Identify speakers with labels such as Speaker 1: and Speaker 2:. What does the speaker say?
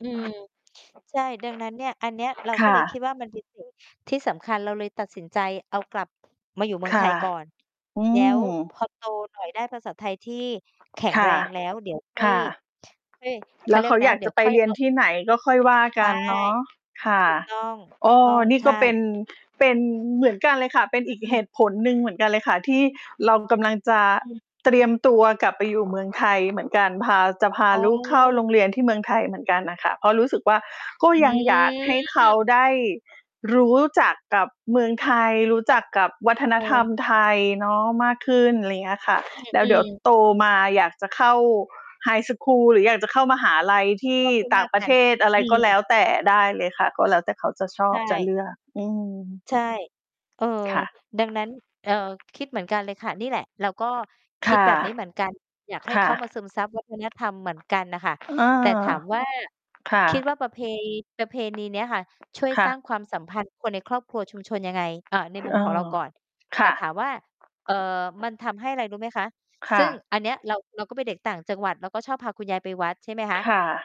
Speaker 1: อืม ใช่ ดังนั้นเนี่ย อันเนี้ย เรา
Speaker 2: ค
Speaker 1: ก็
Speaker 2: ่
Speaker 1: เลยค
Speaker 2: ะ
Speaker 1: ิดว่า มัน เป็นสิ่ง ที่สำคัญ เราเลยตัดสินใจเอากลับมาอยู่เมือ
Speaker 2: ค
Speaker 1: งไ
Speaker 2: ่
Speaker 1: ท
Speaker 2: ะ
Speaker 1: ยก่อน
Speaker 2: อื
Speaker 1: แล้ว พ
Speaker 2: ม
Speaker 1: อโตหน่อย ได้ภาษาไทยที่แข็ง
Speaker 2: ค
Speaker 1: แ
Speaker 2: ่
Speaker 1: ร
Speaker 2: ะ
Speaker 1: ง แล้ว เดี๋ยวค่อ
Speaker 2: ค
Speaker 1: ย
Speaker 2: ่ะ
Speaker 1: ค่อย เข
Speaker 2: แล
Speaker 1: า
Speaker 2: ้
Speaker 1: เร
Speaker 2: ว
Speaker 1: ีย
Speaker 2: เข
Speaker 1: กไ
Speaker 2: า
Speaker 1: รน
Speaker 2: อย
Speaker 1: ะ
Speaker 2: าก
Speaker 1: เดี
Speaker 2: จ
Speaker 1: ๋ย
Speaker 2: ะ
Speaker 1: ว
Speaker 2: ไป
Speaker 1: ค่อย
Speaker 2: เรี
Speaker 1: เ
Speaker 2: ย
Speaker 1: อ
Speaker 2: น
Speaker 1: า
Speaker 2: ที่ไหนก็ค่อยว่า
Speaker 1: ใช
Speaker 2: ก
Speaker 1: ่
Speaker 2: ันเนาะ ค่ะ
Speaker 1: ถูกต้อง ถ
Speaker 2: อ
Speaker 1: ู
Speaker 2: ้
Speaker 1: กต้อ
Speaker 2: อ
Speaker 1: ง
Speaker 2: นี่
Speaker 1: ใช
Speaker 2: ก็เป็
Speaker 1: ่
Speaker 2: น เป็นเหมือนกันเลยค่ะ เป็นอีก
Speaker 1: อ
Speaker 2: เ
Speaker 1: ื
Speaker 2: ห
Speaker 1: ม
Speaker 2: ตุผลหนึ่งเหมือนกันเลยค่ะ ที่เรากำลังจะ
Speaker 1: อืม
Speaker 2: เตรียมตัวกลับไป อยู่เมืองไทยเหมือนกัน พา จะพา
Speaker 1: อ๋อ
Speaker 2: ลูกเข้าโรงเรียนที่เมืองไทยเหมือนกันน่ะค่ะ เพราะรู้สึกว่า ก็
Speaker 1: อ
Speaker 2: ยังอยากให้เขา
Speaker 1: ืม
Speaker 2: ได้รู้จักกับเมืองไทย รู้
Speaker 1: ปั
Speaker 2: จ
Speaker 1: ๊
Speaker 2: ั
Speaker 1: ด
Speaker 2: ก
Speaker 1: เ
Speaker 2: กับ วั
Speaker 1: อ
Speaker 2: ฒนธรรม
Speaker 1: อ
Speaker 2: ไทยเนาะมากขึ้น อะไรเงี้ยค่ะ
Speaker 1: อ
Speaker 2: แล้ว
Speaker 1: ื
Speaker 2: เดี๋
Speaker 1: อ
Speaker 2: ยว
Speaker 1: ๆ
Speaker 2: โตมาอยากจะเข้าไฮสกูลหรืออยากจะเข้ามหาลัยที
Speaker 1: ก
Speaker 2: ่
Speaker 1: ็ค่อย
Speaker 2: ต
Speaker 1: ว
Speaker 2: ่
Speaker 1: ่
Speaker 2: า
Speaker 1: า
Speaker 2: งป
Speaker 1: ก
Speaker 2: ระ
Speaker 1: ั
Speaker 2: เท
Speaker 1: น
Speaker 2: ศ อะไร
Speaker 1: อื
Speaker 2: ก็
Speaker 1: ม
Speaker 2: แล้วแต่ ได้เลยค่ะ ก็แล้วแต่เขาจะช
Speaker 1: ใ
Speaker 2: อ
Speaker 1: ช
Speaker 2: บ จะ
Speaker 1: ่
Speaker 2: เลือก อืม
Speaker 1: ใช่ เออ
Speaker 2: ค่ะ
Speaker 1: ดังนั้น เอ่อ คิดเหมือนกันเลยค่ะ นี่แหละเราก็
Speaker 2: ค
Speaker 1: คิด
Speaker 2: ่ะ
Speaker 1: แบบนี้เหมือน กัน อยากให้
Speaker 2: ค่
Speaker 1: เขามา
Speaker 2: ะ
Speaker 1: ซึมซับ วัฒนธรรม เหมือนกันน่ะค่ะ
Speaker 2: อ เออ
Speaker 1: แต่ถาม ว่า
Speaker 2: ค่
Speaker 1: คิด
Speaker 2: ะ
Speaker 1: ว่า ประเพ ประเพณีเนี้ยค่ะ ช่วย
Speaker 2: ค่
Speaker 1: สร้
Speaker 2: ะ
Speaker 1: างความ สัมพันธ์ คนในครอบครัวชุมชนยังไง? เอ่อ ในมุ
Speaker 2: เ
Speaker 1: ม
Speaker 2: ออ
Speaker 1: ของเราก่อน
Speaker 2: ค
Speaker 1: แต่
Speaker 2: ่
Speaker 1: ถา
Speaker 2: ะ
Speaker 1: มว่า เอ่อ มันทำให้ไร รู้ไหมคะ?
Speaker 2: ค
Speaker 1: ซ
Speaker 2: ่
Speaker 1: ึ่ง
Speaker 2: ะ
Speaker 1: อันเนี้ย เรา เราก็เป็นเด็กต่างจังหวัด เราก็ชอบพาคุณยายไปวัด ใช่ไหมค
Speaker 2: ค
Speaker 1: ะ
Speaker 2: ่ะ